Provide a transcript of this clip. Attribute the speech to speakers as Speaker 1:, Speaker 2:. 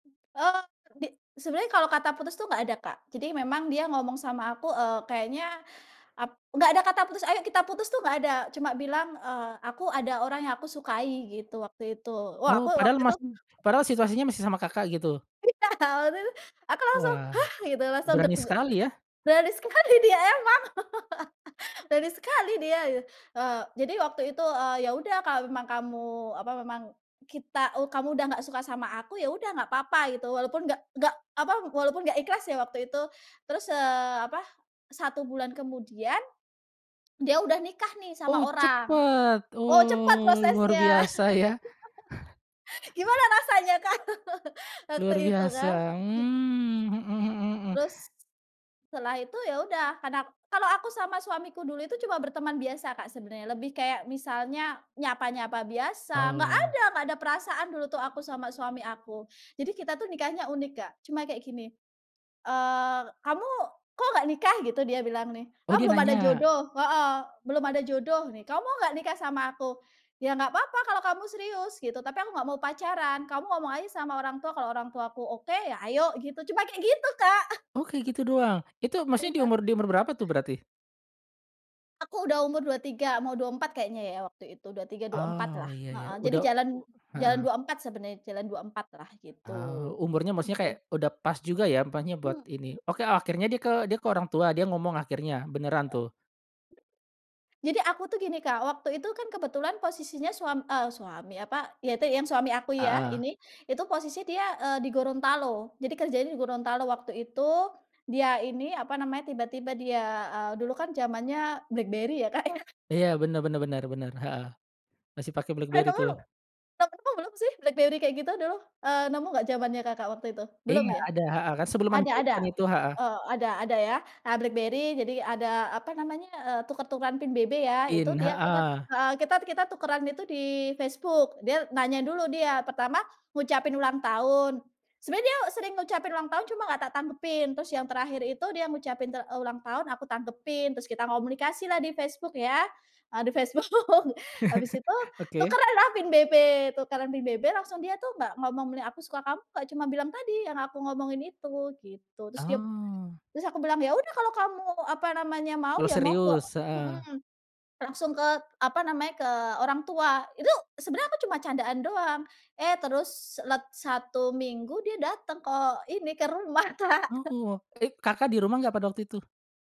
Speaker 1: Eee, di sebenarnya kalau kata putus tuh gak ada Kak, jadi memang dia ngomong sama aku, eee, kayaknya ap nggak ada kata putus, "Ayo kita putus" tuh gak ada, cuma bilang, eee, "Aku ada orang yang aku sukai," gitu waktu itu. Wah aku
Speaker 2: Oh padahal
Speaker 1: waktu itu
Speaker 2: masih padahal situasinya masih sama Kakak gitu?
Speaker 1: Iya Kak, waktu itu, aku langsung
Speaker 2: Wah,
Speaker 1: "Hah?" gitu, langsung
Speaker 2: berani sekali ya.
Speaker 1: berani sekali dia emang, berani sekali dia. Eee, jadi waktu itu, eee, "Ya udah kalau memang kamu apa, memang kita eee, kamu udah nggak suka sama aku, ya udah nggak papa," gitu, walaupun nggak nggak apa, walaupun nggak ikhlas ya waktu itu. Terus, eee, apa 1 bulan kemudian dia udah nikah nih sama
Speaker 2: Oh
Speaker 1: orang.
Speaker 2: cepet,
Speaker 1: Oh cepat
Speaker 2: oh luar
Speaker 1: prosesnya.
Speaker 2: biasa ya.
Speaker 1: Gimana rasanya kan, waktu
Speaker 2: Luar
Speaker 1: itu
Speaker 2: biasa,
Speaker 1: kan, mhm.
Speaker 2: mmm, mhm mhm mhm.
Speaker 1: Terus setelah itu ya udah karena kalau aku sama suamiku dulu itu cuma berteman biasa Kak sebenarnya. Lebih kayak misalnya nyapa-nyapa biasa. Nggak
Speaker 2: Oh.
Speaker 1: ada nggak ada perasaan dulu tuh aku sama suami aku. Jadi kita tuh nikahnya unik Kak, cuma kayak gini, eee, "Kamu kok gak nikah gitu?" Dia bilang nih,
Speaker 2: Oh
Speaker 1: "Oh
Speaker 2: dia
Speaker 1: belum ada
Speaker 2: nanya.
Speaker 1: jodoh," heeh. "Belum ada jodoh nih, kamu mau nggak nikah sama aku?" "Ya nggak apa-apa kalau kamu serius," gitu, "tapi aku nggak mau pacaran, kamu ngomong aja sama orang tua kalau orang tuaku oke, ya ayo gitu," cuma kayak gitu Kak,
Speaker 2: Oke kayak
Speaker 1: ah.
Speaker 2: gitu doang, itu maksudnya di
Speaker 1: Iya.
Speaker 2: umur di umur berapa tuh berarti?
Speaker 1: Aku udah umur 23, mau 24 kayaknya ya waktu itu, 23, 24
Speaker 2: Oh
Speaker 1: lah,
Speaker 2: ya ya,
Speaker 1: heeh. Jadi
Speaker 2: udah
Speaker 1: jalan
Speaker 2: u
Speaker 1: jalan
Speaker 2: heeh.
Speaker 1: 24 sebenarnya, jalan 24 lah gitu.
Speaker 2: Oh umurnya maksudnya kayak
Speaker 1: Oke.
Speaker 2: udah pas juga ya apanya buat
Speaker 1: Hmm.
Speaker 2: ini. Oke akhirnya dia ke dia ke orang tua, dia ngomong akhirnya beneran tuh?
Speaker 1: Jadi aku tuh gini Kak, waktu itu kan kebetulan posisinya suam eee, suami, apa, ya itu yang suami aku ya
Speaker 2: Heeh.
Speaker 1: ini, itu posisi dia, eee, di Gorontalo, jadi kerjanya di Gorontalo waktu itu. Dia ini apa namanya, tiba-tiba dia, eee, dulu kan zamannya BlackBerry ya Kak ya.
Speaker 2: Iya bener bener bener bener, heeh. Masih pake BlackBerry tuh.
Speaker 1: [unintelligible] Belum sih, BlackBerry kayak gitu dulu, eee, nemu gak zamannya Kakak waktu itu? Belum
Speaker 2: Iya
Speaker 1: ya?
Speaker 2: ada, heeh, kan sebelum
Speaker 1: Ada
Speaker 2: Android
Speaker 1: ada?
Speaker 2: ada itu, heeh.
Speaker 1: Eee, ada ada ya. Nah Blackberry, jadi ada apa namanya, eee, tuker-tukeran PIN BB ya. Itu
Speaker 2: Pin,
Speaker 1: dia kita
Speaker 2: heeh.
Speaker 1: heeh kita kita tukeran itu di Facebook, dia nanya dulu dia, pertama ngucapin ulang tahun. Sebenarnya dia sering ngucapin ulang tahun cuma nggak tak tanggepin, terus yang terakhir itu dia ngucapin ter eee, ulang tahun aku tanggepin, terus kita komunikasilah di Facebook ya, eee, di Facebook, habis itu
Speaker 2: Oke.
Speaker 1: tukeranlah pin BB, tukeran pin BB langsung dia tuh nggak ngomong, "Aku suka kamu," nggak, cuma bilang tadi yang aku ngomongin itu, gitu. Terus dia
Speaker 2: Oh.
Speaker 1: terus aku bilang, "Ya udah kalau kamu apa namanya, mau
Speaker 2: Mulai
Speaker 1: ya monggo,"
Speaker 2: serius, heeh.
Speaker 1: mhm. Langsung ke apa namanya, ke orang tua, itu sebenarnya aku cuma candaan doang, eh terus lat 1 minggu dia datang ke ini, ke rumah Kak.
Speaker 2: Oh, ik Kakak di rumah gak pada waktu itu?